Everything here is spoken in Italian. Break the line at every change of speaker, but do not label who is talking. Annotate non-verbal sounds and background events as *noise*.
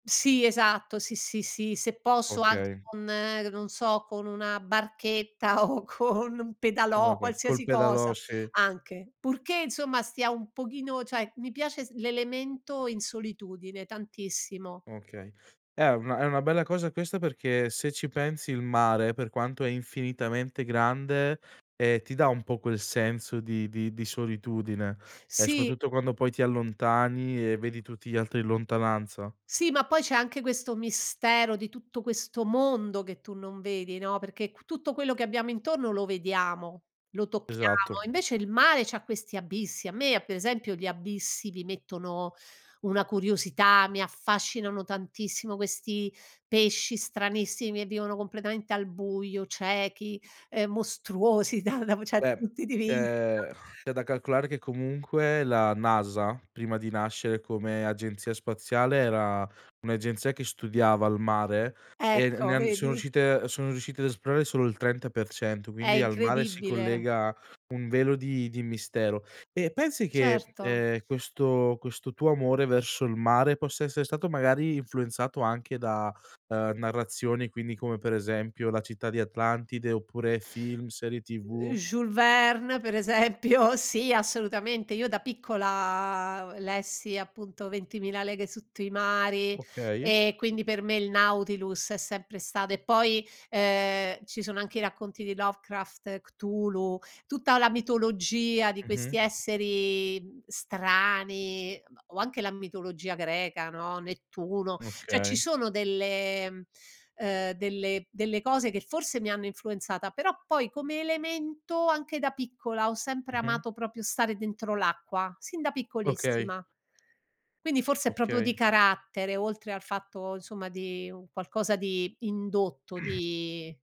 Sì, esatto, sì, sì, sì, se posso anche
Okay.
con ehm, non so, con una barchetta o con un
Oh,
pedalò,
okay. Col
qualsiasi
pedalò,
cosa
sì.
anche, purché insomma stia un pochino cioè mi piace s l'elemento in solitudine tantissimo.
Okay. È una è una bella cosa questa perché, se ci pensi il mare, per quanto è infinitamente grande, ehm, ti dà un po' quel senso di di di solitudine, e
Sì.
soprattutto quando poi ti allontani e vedi tutti gli altri in lontananza.
Sì, ma poi c'è anche questo mistero di tutto questo mondo che tu non vedi, no, perché q tutto quello che abbiamo intorno lo vediamo, lo
Esatto.
tocchiamo, invece il mare c'ha questi abissi. A me, a per esempio, gli abissi mi mettono una curiosità, mi affascinano tantissimo questi pesci stranissimi e vivono completamente al buio, ciechi, ehm, mostruosi, dav dav ce
Beh,
punti di vista.
c'è *exhales* c'è da calcolare che comunque la NASA, prima di nascere come agenzia spaziale, era un'agenzia che studiava il mare, e ne ne
Ecco,
han sono
vedi?
riuscite sono riuscite ad esplorare solo il 30%,
È
quindi al mare si
incredibile.
collega un velo di di mistero. Eh, pensi che,
Certo.
ehm, questo questo tuo amore verso il mare possa essere stato magari influenzato anche da, uhm, narrazioni quindi, come per esempio, la città di Atlantide, oppure film, serie
Ehm,
TV?
Joule Verne per esempio, sì, assolutamente. Io da piccola lessi appunto Ventimila leghe sotto i mari,
Okay.
ehm, quindi per me il Nautilus è sempre stato e poi, ehm, ci sono anche i racconti di Lovecraft, Cthulhu, tutta la mitologia di
Mh-mh.
questi esseri, mhmm, strani, uhm, o anche la mitologia greca, no, Nettuno; cioè ci
Okay.
sono delle mhmm, uhm, delle delle cose che forse mi hanno influenzata, però poi come elemento anche da piccola ho sempre
Mh-mh.
amato proprio stare dentro l'acqua, sin da
Okay.
piccolissima. Quindi forse è proprio
Okay.
di carattere, oltre al fatto, insomma di un qualcosa di indotto,
*clears throat*
di